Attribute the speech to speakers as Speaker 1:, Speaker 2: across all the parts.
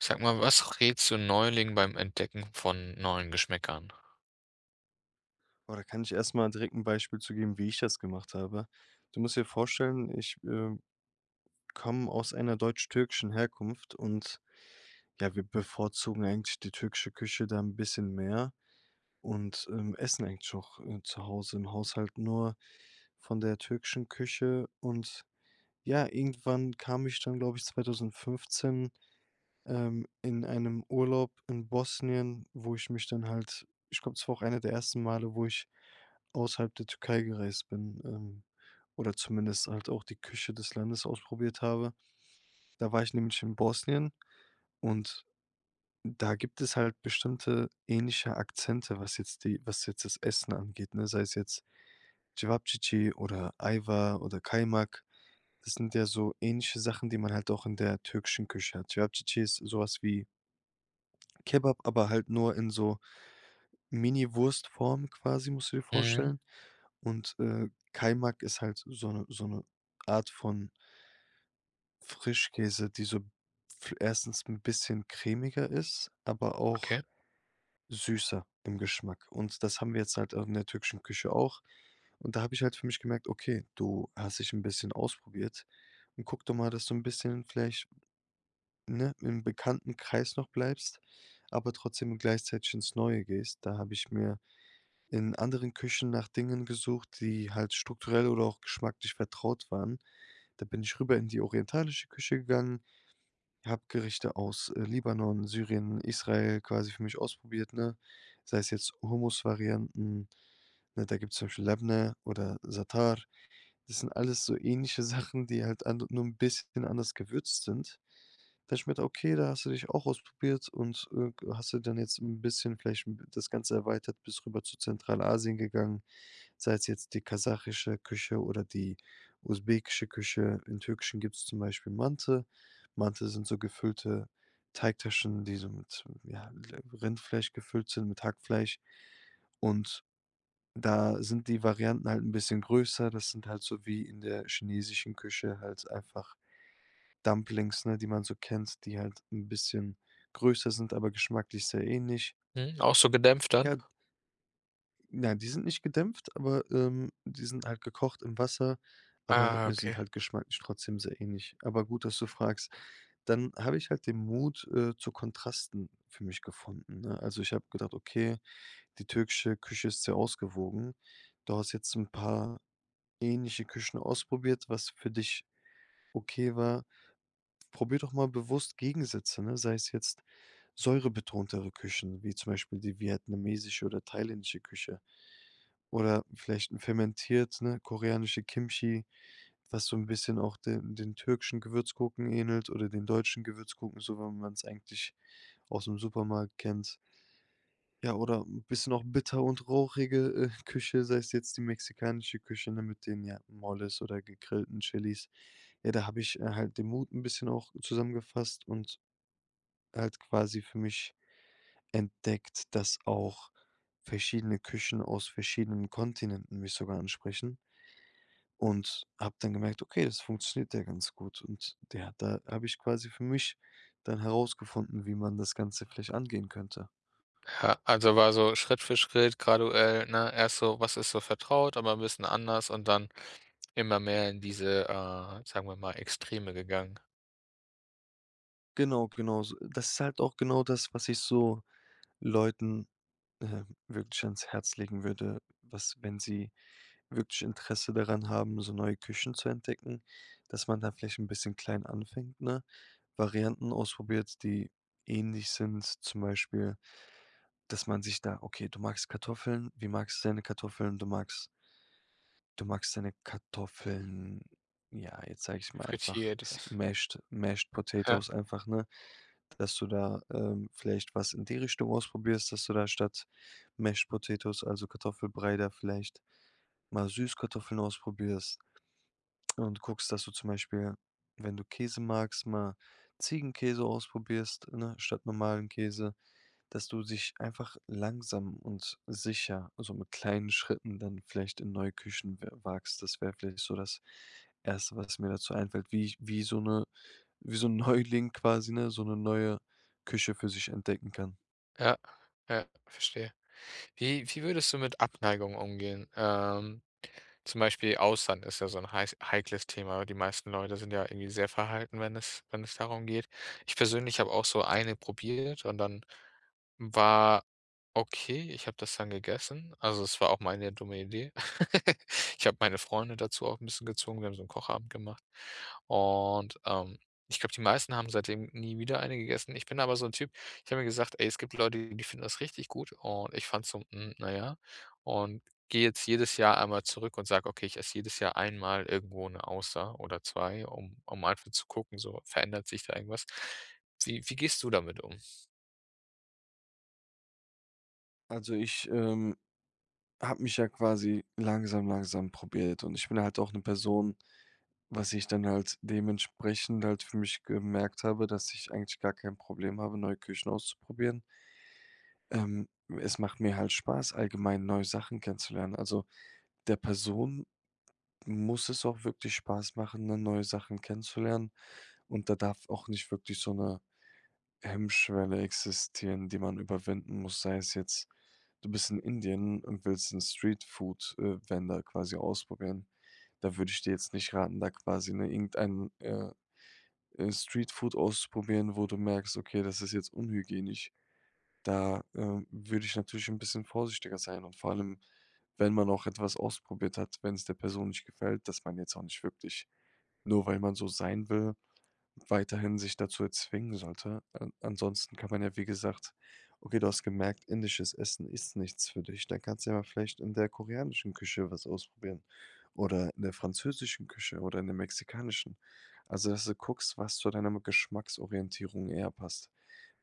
Speaker 1: Sag mal, was rätst du Neulingen beim Entdecken von neuen Geschmäckern?
Speaker 2: Oh, da kann ich erst mal direkt 'n Beispiel zu geben, wie ich das gemacht habe. Du musst dir vorstellen, ich, äh, komme aus einer deutsch-türkischen Herkunft und ja, wir bevorzugen eigentlich die türkische Küche da 'n bisschen mehr und, ähm, essen eigentlich auch, äh, zu Hause im Haushalt nur von der türkischen Küche. Und ja, irgendwann kam ich dann, glaube ich, 2015 ähm, in einem Urlaub in Bosnien, wo ich mich dann halt ich glaube das war auch eine der ersten Male, wo ich außerhalb der Türkei gereist bin, ähm, oder zumindest halt auch die Küche des Landes ausprobiert habe. Da war ich nämlich in Bosnien, und da gibt es halt bestimmte ähnliche Akzente, was jetzt die was jetzt das Essen angeht, ne? Sei es jetzt Cevapcici oder Ajvar oder Kaymak. Das sind ja so ähnliche Sachen, die man halt auch in der türkischen Küche hat. Cevapcici ist so was wie Kebab, aber halt nur in so Miniwurst-Form quasi, musst du dir
Speaker 1: Mhm.
Speaker 2: vorstellen. Und, äh, Kaymak ist halt so 'ne so 'ne Art von Frischkäse, die so f erstens 'n bisschen cremiger ist, aber auch
Speaker 1: Okay.
Speaker 2: süßer im Geschmack. Und das haben wir jetzt halt, ähm, in der türkischen Küche auch. Und da habe ich halt für mich gemerkt, okay, du hast dich 'n bisschen ausprobiert und guck doch mal, dass du 'n bisschen vielleicht ne, im bekannten Kreis noch bleibst, aber trotzdem gleichzeitig ins Neue gehst. Da habe ich mir in anderen Küchen nach Dingen gesucht, die halt strukturell oder auch geschmacklich vertraut waren. Da bin ich rüber in die orientalische Küche gegangen, habe Gerichte aus, äh, Libanon, Syrien, Israel quasi für mich ausprobiert, ne? Sei es jetzt Humusvarianten, ne? Da gibt's zum Beispiel Lebne oder Zatar. Das sind alles so ähnliche Sachen, die halt an nur 'n bisschen anders gewürzt sind. Das schmeckt okay, da hast du dich auch ausprobiert und, äh, g hast du dann jetzt 'n bisschen vielleicht m das Ganze erweitert, bist rüber zu Zentralasien gegangen, sei's jetzt die kasachische Küche oder die usbekische Küche. Im Türkischen gibt's zum Beispiel Manti. Manti sind so gefüllte Teigtaschen, die so mit m ja, l Rindfleisch gefüllt sind, mit Hackfleisch. Und da sind die Varianten halt 'n bisschen größer. Das sind halt so wie in der chinesischen Küche halt einfach Dumplings, ne, die man so kennt, die halt 'n bisschen größer sind, aber geschmacklich sehr ähnlich.
Speaker 1: Mhm, auch so gedämpft dann?
Speaker 2: Ja ja, die sind nicht gedämpft, aber, ähm, die sind halt gekocht im Wasser, aber,
Speaker 1: Ah,
Speaker 2: äh, sind
Speaker 1: okay.
Speaker 2: halt geschmacklich trotzdem sehr ähnlich. Aber gut, dass du fragst. Dann habe ich halt den Mut, äh, zu Kontrasten für mich gefunden, ne? Also, ich habe gedacht, okay, die türkische Küche ist sehr ausgewogen. Du hast jetzt 'n paar ähnliche Küchen ausprobiert, was für dich okay war. Probier doch mal bewusst Gegensätze, ne? Sei es jetzt säurebetontere Küchen wie zum Beispiel die vietnamesische oder thailändische Küche. Oder vielleicht 'n fermentiert, ne? Koreanische Kimchi, was so 'n bisschen auch den den türkischen Gewürzgurken ähnelt oder den deutschen Gewürzgurken, so wie man's eigentlich ausm Supermarkt kennt. Ja, oder 'n bisschen auch bitter und rauchige, äh, Küche, sei's jetzt die mexikanische Küche, ne, mit den, ja, Moles oder gegrillten Chilis. Ja, da habe ich, äh, halt den Mut 'n bisschen auch zusammengefasst und halt quasi für mich entdeckt, dass auch verschiedene Küchen aus verschiedenen Kontinenten mich sogar ansprechen. Und habe dann gemerkt, okay, das funktioniert ja ganz gut. Und der da habe ich quasi für mich dann herausgefunden, wie man das Ganze vielleicht angehen könnte.
Speaker 1: Ja, also war so Schritt für Schritt graduell, ne? Erst so, was ist so vertraut, aber 'n bisschen anders, und dann immer mehr in diese, äh, sagen wir mal, Extreme gegangen?
Speaker 2: Genau, genau. So das ist halt auch genau das, was ich so Leuten, äh, wirklich ans Herz legen würde, was wenn sie wirklich Interesse daran haben, so neue Küchen zu entdecken, dass man da vielleicht 'n bisschen klein anfängt, ne? Varianten ausprobiert, die ähnlich sind, zum Beispiel, dass man sich da okay, du magst Kartoffeln. Wie magst du deine Kartoffeln? Du magst du magst deine Kartoffeln ja, jetzt sage ich's mal einfach,
Speaker 1: Fritiert.
Speaker 2: es mashed mashed
Speaker 1: Ja.
Speaker 2: Potatoes einfach, ne, dass du da, ähm, vielleicht was in die Richtung ausprobierst dass du da statt Mashed Potatoes also Kartoffelbrei, da vielleicht mal Süßkartoffeln ausprobierst und guckst, dass du zum Beispiel, wenn du Käse magst, mal Ziegenkäse ausprobierst, ne, statt normalen Käse. Dass du sich einfach langsam und sicher also mit kleinen Schritten dann vielleicht in neue Küchen we wagst. Das wäre vielleicht so das 1. was mir dazu einfällt, wie ich wie so 'ne wie so 'n Neuling quasi, ne, so 'ne neue Küche für sich entdecken kann.
Speaker 1: Ja, ja, verstehe. Wie wie würdest du mit Abneigung umgehen? Ähm, zum Beispiel Austern ist ja so 'n heiß heikles Thema. Die meisten Leute sind ja irgendwie sehr verhalten, wenn es wenn es darum geht. Ich persönlich habe auch so 1 probiert und dann war okay, ich habe das dann gegessen. Also, es war auch meine dumme Idee. Ich habe meine Freunde dazu auch 'n bisschen gezwungen. Wir haben so 'n Kochabend gemacht und, ähm, ich glaube, die meisten haben seitdem nie wieder eine gegessen. Ich bin aber so 'n Typ, ich habe mir gesagt: „Ey, es gibt Leute, die finden das richtig gut.“ Und ich fand so, hm, na ja und gehe jetzt jedes Jahr einmal zurück und sage, okay, ich esse jedes Jahr einmal irgendwo 'ne Auster oder 2, um um einfach zu gucken, so, verändert sich da irgendwas? Wie wie gehst du damit um?
Speaker 2: Also ich, ähm, habe mich ja quasi langsam langsam probiert und ich bin halt auch 'ne Person was ich dann halt dementsprechend halt für mich gemerkt habe, dass ich eigentlich gar kein Problem habe, neue Küchen auszuprobieren. Ähm, es macht mir halt Spaß, allgemein neue Sachen kennenzulernen. Also der Person muss es auch wirklich Spaß machen, dann neue Sachen kennenzulernen. Und da darf auch nicht wirklich so 'ne Hemmschwelle existieren, die man überwinden muss. Sei es jetzt, du bist in Indien und willst 'n Streetfood, äh, Vendor quasi ausprobieren. Da würde ich dir jetzt nicht raten, da quasi, ne, irgendeinen, äh, Streetfood auszuprobieren, wo du merkst, okay, das ist jetzt unhygienisch. Da, äh, würde ich natürlich 'n bisschen vorsichtiger sein. Und vor allem, wenn man auch etwas ausprobiert hat, wenn's der Person nicht gefällt, dass man jetzt auch nicht wirklich, nur weil man so sein will, weiterhin sich dazu zwingen sollte. An ansonsten kann man ja, wie gesagt okay, du hast gemerkt, indisches Essen ist nichts für dich, dann kannst du ja mal vielleicht in der koreanischen Küche was ausprobieren oder in der französischen Küche oder in der mexikanischen. Also dass du guckst, was zu deiner m Geschmacksorientierung eher passt.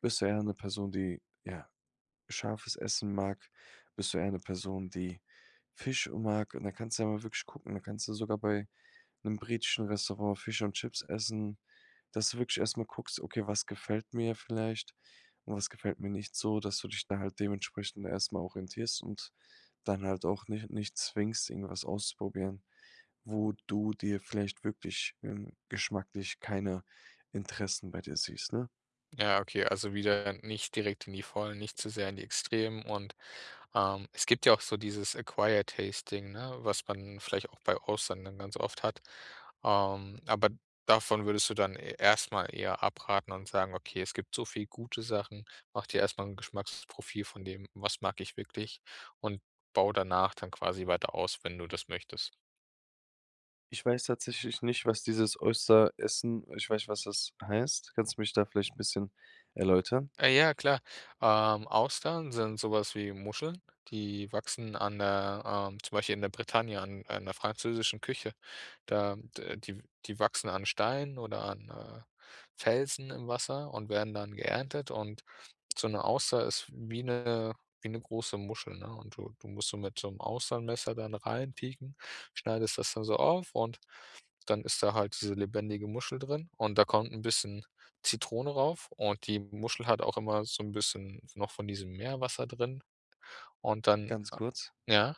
Speaker 2: Bist du eher 'ne Person, die, ja, scharfes Essen mag? Bist du eher 'ne Person, die Fisch, äh, mag? Und da kannst du ja mal wirklich gucken da kannst du sogar bei 'nem britischen Restaurant Fisch und Chips essen dass du wirklich erst mal guckst, okay, was gefällt mir vielleicht und was gefällt mir nicht so dass du dich da halt dementsprechend erst mal orientierst und dann halt auch nich nicht zwingst, irgendwas ausprobieren, wo du dir vielleicht wirklich ähm, geschmacklich keine Interessen bei dir siehst, ne?
Speaker 1: Ja, okay. Also wieder nicht direkt in die Vollen nicht zu sehr in die Extremen. Und, ähm, es gibt ja auch so dieses, Acquired Tasting, ne, was man vielleicht auch bei Austern dann ganz oft hat. Ähm, aber davon würdest du dann e erst mal eher abraten und sagen: „Okay, es gibt so viel gute Sachen, mach dir erst mal 'n Geschmacksprofil von dem, was mag ich wirklich? Und bau danach dann quasi weiter aus, wenn du das möchtest."
Speaker 2: Ich weiß tatsächlich nicht, was dieses Oyster Essen ich weiß, was das heißt. Kannst du mich da vielleicht 'n bisschen erläutern?
Speaker 1: Äh, ja, klar. Ähm, Austern sind so was wie Muscheln, die wachsen an der ähm, zum Beispiel in der Bretagne an an der französischen Küche. Da d die w die wachsen an Steinen oder an, äh, Felsen im Wasser und werden dann geerntet. Und so 'ne Auster ist wie 'ne wie 'ne große Muschel, ne? Und du du musst so mit so 'nem Austernmesser dann reinpieken, schneidest das da so auf und dann ist da halt diese lebendige Muschel drin. Und da kommt 'n bisschen Zitrone rauf und die Muschel hat auch immer so 'n bisschen noch von diesem Meerwasser drin. Und dann
Speaker 2: Ganz kurz.
Speaker 1: ja?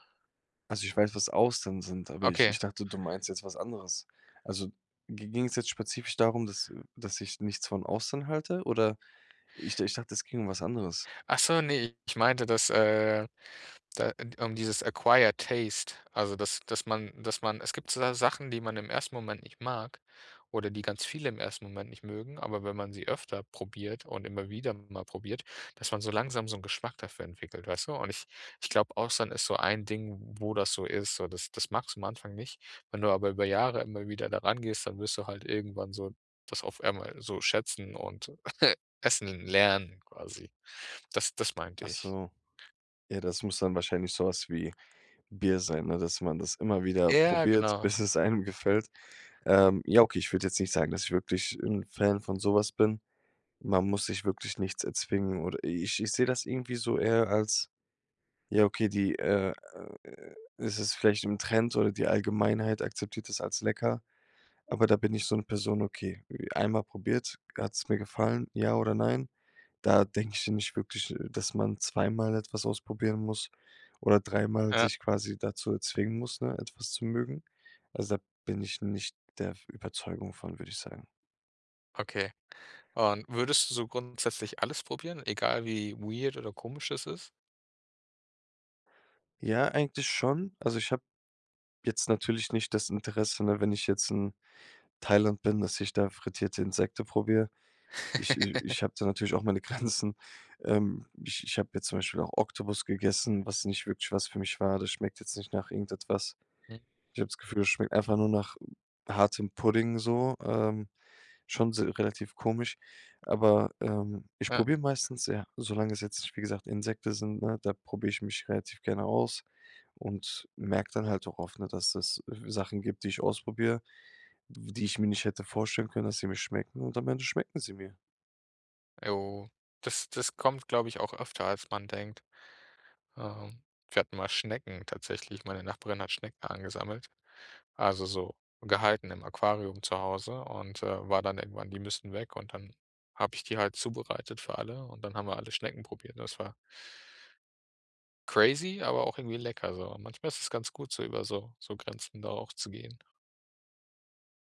Speaker 2: Also, ich weiß, was Austern sind, aber ich
Speaker 1: Okay.
Speaker 2: ich dachte, du meinst jetzt was anderes. Also gi ging's jetzt spezifisch darum, dass dass ich nichts von Austern halte? Oder ich d ich dachte, es ginge um was anderes?
Speaker 1: Ach so, ne, ich meinte, dass, äh, da d um dieses Acquired Taste also dass dass man dass man es gibt so Sachen, die man im 1. Moment nicht mag oder die ganz viele im ersten Moment nicht mögen, aber wenn man sie öfter probiert und immer wieder mal probiert, dass man so langsam so 'n Geschmack dafür entwickelt, weißt du? Und ich ich glaube, Austern ist so ein Ding, wo das so ist. So, das das magst du am Anfang nicht. Wenn du aber über Jahre immer wieder da rangehst, dann wirst du halt irgendwann so das auf einmal so schätzen und, essen lernen quasi. Das das meinte
Speaker 2: Ach
Speaker 1: ich.
Speaker 2: so. Ja, das muss dann wahrscheinlich so was wie Bier sein, ne, dass man das immer wieder
Speaker 1: Ja,
Speaker 2: probiert,
Speaker 1: genau.
Speaker 2: bis es einem gefällt. Ähm, ja, okay, ich würde jetzt nicht sagen, dass ich wirklich 'n Fan von so was bin. Man muss sich wirklich nichts erzwingen oder ich ich sehe das irgendwie so eher als ja okay, die, äh, äh, es ist vielleicht im Trend oder die Allgemeinheit akzeptiert das als lecker. Aber da bin ich so 'ne Person, okay, einmal probiert, hat's mir gefallen, ja oder nein? Da denke ich ja nicht wirklich, äh, dass man zweimal etwas ausprobieren muss oder dreimal
Speaker 1: Ja.
Speaker 2: sich quasi dazu zwingen muss, ne, etwas zu mögen. Also, da bin ich nicht der v Überzeugung von, würde ich sagen.
Speaker 1: Okay. Und würdest du so grundsätzlich alles probieren, egal wie weird oder komisch es ist?
Speaker 2: Ja, eigentlich schon. Also, ich habe jetzt natürlich nicht das Interesse, ne, wenn ich jetzt in Thailand bin, dass ich da frittierte Insekten probiere. Ich i ich habe da natürlich auch meine Grenzen, ähm, ich ich habe jetzt zum Beispiel auch Oktopus gegessen, was nicht wirklich was für mich war, das schmeckt jetzt nicht nach irgendetwas.
Speaker 1: Mhm.
Speaker 2: Ich habe das Gefühl, es schmeckt einfach nur nach hartem Pudding so, ähm, schon se relativ komisch. Aber, ähm, ich
Speaker 1: Ja.
Speaker 2: probiere meistens ja. Solange es jetzt, nicht wie gesagt, Insekten sind, ne? Da probiere ich mich relativ gerne aus und merke dann halt auch oft, ne, dass es w Sachen gibt, die ich ausprobiere, w die ich mir nicht hätte vorstellen können, dass sie mir schmecken und am Ende schmecken sie mir.
Speaker 1: Jo. Das das kommt, glaube ich, auch öfter, als man denkt. Ähm, wir hatten mal Schnecken tatsächlich, meine Nachbarin hat Schnecken angesammelt. Also, so gehalten im Aquarium zu Hause und, äh, war dann irgendwann die müssen weg und dann habe ich die halt zubereitet für alle und dann haben wir alle Schnecken probiert. Ne, das war crazy, aber auch irgendwie lecker so. Manchmal ist es ganz gut so über so so Grenzen da auch zu gehen.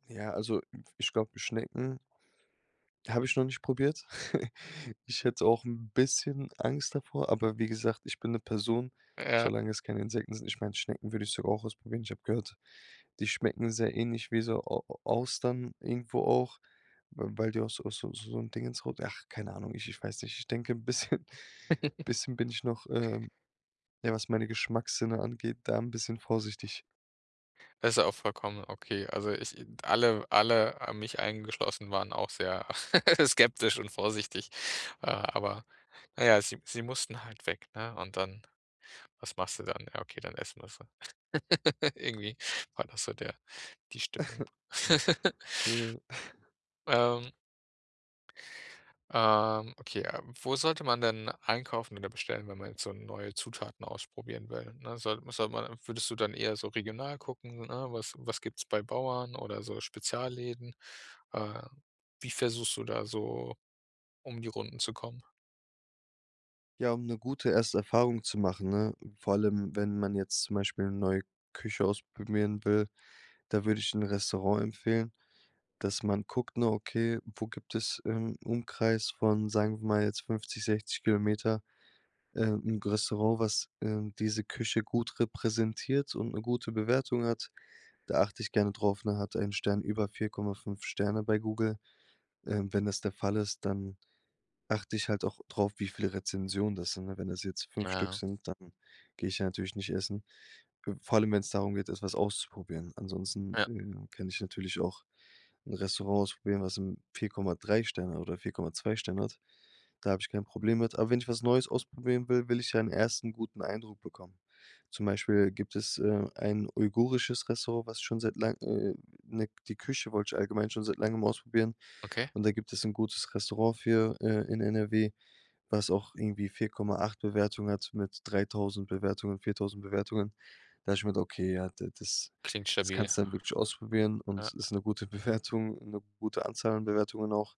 Speaker 2: Ja, also f ich glaube, Schnecken habe ich noch nicht probiert. Ich hätte auch 'n bisschen Angst davor, aber wie gesagt, ich bin 'ne Person,
Speaker 1: Ja.
Speaker 2: solange es keine Insekten sind. Ich meine Schnecken würde ich sogar auch ausprobieren. Ich habe gehört, die schmecken sehr ähnlich wie so Au Au Austern irgendwo auch, w weil die aus aus aus so 'n Dingens rau ach, keine Ahnung, ich ich weiß nicht, ich denke 'n bisschen bisschen bin ich noch, ähm, ja, was meine Geschmackssinne angeht, da 'n bisschen vorsichtig.
Speaker 1: Das ist ja auch vollkommen, okay. Also ich alle alle, mich eingeschlossen, waren auch sehr skeptisch und vorsichtig. Äh, aber na ja, sie sie mussten halt weg, ne? Und dann was machst du dann? Ja, okay, dann essen wir sie. Irgendwie war das so der die Stimmung.
Speaker 2: Ja.
Speaker 1: Ähm Ähm, okay, ähm, wo sollte man denn einkaufen oder bestellen, wenn man jetzt so neue Zutaten ausprobieren will, ne? Soll sollte man würdest du dann eher so regional gucken, ne, was was gibt's bei Bauern oder so Spezialläden? Äh, wie versuchst du da so, um die Runden zu kommen?
Speaker 2: Ja, um 'ne gute erste Erfahrung zu machen, ne, vor allem wenn man jetzt zum Beispiel neue Küche ausprobieren will, da würde ich 'n Restaurant empfehlen, dass man guckt nur, okay, wo gibt es im Umkreis von, sagen wir mal jetzt, 50, 60 Kilometer, äh, 'n G Restaurant, was, ähm, diese Küche gut repräsentiert und 'ne gute Bewertung hat. Da achte ich gerne drauf, ne? Hat er ein Stern über 4,5 Sterne bei Google. Ähm, wenn das der Fall ist, dann achte ich halt auch drauf, wie viele Rezensionen das sind, ne? Wenn das jetzt
Speaker 1: Na
Speaker 2: 5 Stück
Speaker 1: ja.
Speaker 2: sind, dann gehe ich ja natürlich nicht essen. Äh, vor allem, wenn's darum geht, etwas auszuprobieren. Ansonsten,
Speaker 1: Ja.
Speaker 2: äh, ja, kann ich natürlich auch 'n Restaurant ausprobieren, was m 4,3 Sterne oder 4,2 Sterne hat. Da habe ich kein Problem mit. Aber wenn ich was neues ausprobieren will, will ich ja 'n ersten guten Eindruck bekommen. Zum Beispiel gibt es, äh, ein uigurisches Restaurant, was schon seit lang äh, ne, die Küche wollte ich allgemein schon seit langem ausprobieren.
Speaker 1: Okay.
Speaker 2: Und da gibt es 'n gutes Restaurant für äh, in NRW, was auch irgendwie 4.8 Bewertungen hat mit 3.000 Bewertungen, 4.000 Bewertungen. Da habe ich gemeint, okay, ja, da das
Speaker 1: Klingt
Speaker 2: das
Speaker 1: stabil.
Speaker 2: kannst du dann wirklich ausprobieren
Speaker 1: Ja.
Speaker 2: und ist 'ne gute Bewertung, 'ne gute Anzahl an Bewertungen auch.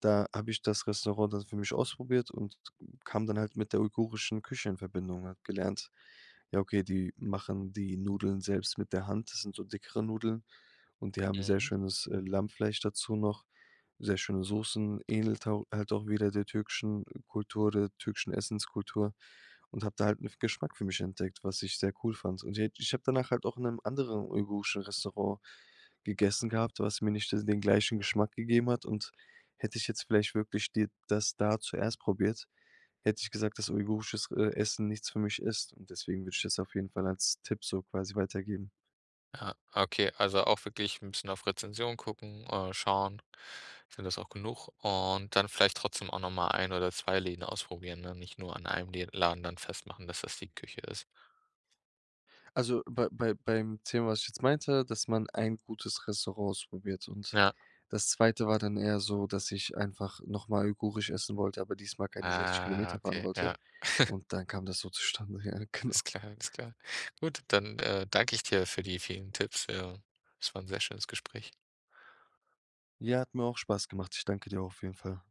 Speaker 2: Da habe ich das Restaurant dann für mich ausprobiert und kam dann halt mit der uigurischen Küche in Verbindung und habe gelernt, ja, okay, die machen die Nudeln selbst mit der Hand. Das sind so dickere Nudeln, und die haben sehr
Speaker 1: Mhm.
Speaker 2: schönes, äh, Lammfleisch dazu noch, sehr schöne Soßen, ähnelt hau halt auch wieder der türkischen Kultur oder türkischen Essenskultur und habe da halt 'ne F Geschmack für mich entdeckt, was ich sehr cool fand. Und je ich habe danach halt auch in 'nem anderen uigurischen Restaurant gegessen gehabt, was mir nicht das den gleichen Geschmack gegeben hat. Und hätte ich jetzt vielleicht wirklich dir das da zuerst probiert, hätte ich gesagt, dass uigurisches, äh, Essen nichts für mich ist, und deswegen würde ich das auf jeden Fall als Tipp so quasi weitergeben.
Speaker 1: Ja, okay. Also auch wirklich 'n bisschen auf Rezension gucken, äh, schauen, sind das auch genug? Und dann vielleicht trotzdem auch noch mal ein oder 2 Läden ausprobieren, ne? Nicht nur an einem Lä Laden dann festmachen, dass das die Küche ist.
Speaker 2: Also bei bei beim Thema, was ich jetzt meinte, dass man ein gutes Restaurant ausprobiert, und
Speaker 1: Ja.
Speaker 2: das 2. war dann eher so, dass ich einfach nochmal uigurisch essen wollte, aber diesmal keine 60
Speaker 1: Ah,
Speaker 2: Kilometer fahren
Speaker 1: okay,
Speaker 2: wollte
Speaker 1: ja.
Speaker 2: und dann kam das so zustande. Ja, genau.
Speaker 1: Alles klar, alles klar. Gut, dann, äh, danke ich dir für die vielen Tipps ja, das war 'n sehr schönes Gespräch.
Speaker 2: Ja, hat mir auch Spaß gemacht. Ich danke dir auch auf jeden Fall.